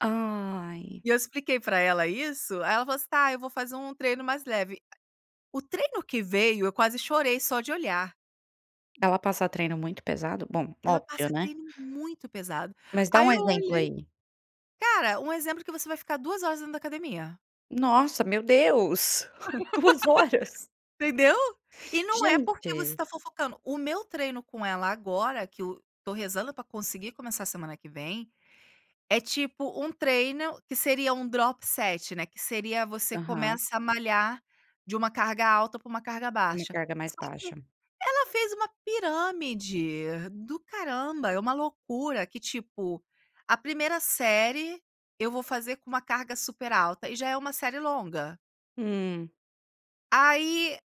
Ai! E eu expliquei para ela isso, aí ela falou: "Está, eu vou fazer um treino mais leve". O treino que veio eu quase chorei só de olhar. Ela passa treino muito pesado? Bom, Ela óbvio, passa né. treino muito pesado, Mas dá aí um eu exemplo olhei aí. cara, um exemplo que você vai ficar 2 horas dentro da academia. Nossa, meu Deus, 2 horas! Entendeu? E não é porque você Gente! está fofocando, o meu treino com ela agora que o tô rezando para conseguir começar a semana que vem, é tipo, um treino que seria um drop set, né, que seria, você Aham. começa a malhar de uma carga alta para uma carga A minha baixa, carga é mais só que baixa. ela fez uma pirâmide do caramba, é uma loucura que, tipo, a primeira série, eu vou fazer com uma carga super alta, e já é uma série longa Hum. aí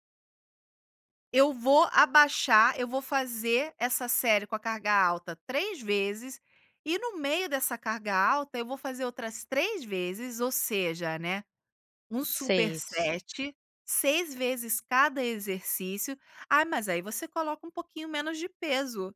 eu vou abaixar eu vou fazer essa série com a carga alta 3 vezes, e no meio dessa carga alta, eu vou fazer outras 3 vezes, ou seja, né, um 6. superset, 6 vezes cada exercício: "Ah, mas aí você coloca um pouquinho menos de peso".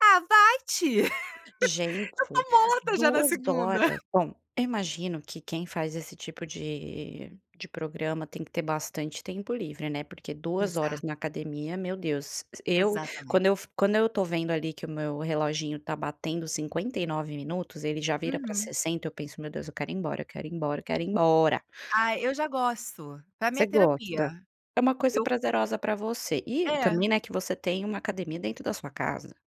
"Ah, vai te". Eu Gente, estou morta já na 2 segunda. horas. Bom, eu imagino que quem faz esse tipo de de programa, tem que ter bastante tempo livre, né, porque 2 horas Exato. na academia, meu Deus eu, Exatamente. quando eu f quando eu estou vendo ali que o meu reloginho está batendo 59 minutos, ele já vira para Uhum. 60, eu penso: "Meu Deus, eu quero ir embora, eu quero ir embora, quero ir embora!". Ah, eu já gosto, pra mim é Você gosta? terapia, É uma coisa eu prazerosa para você, e É. também, né, que você tem uma academia dentro da sua casa.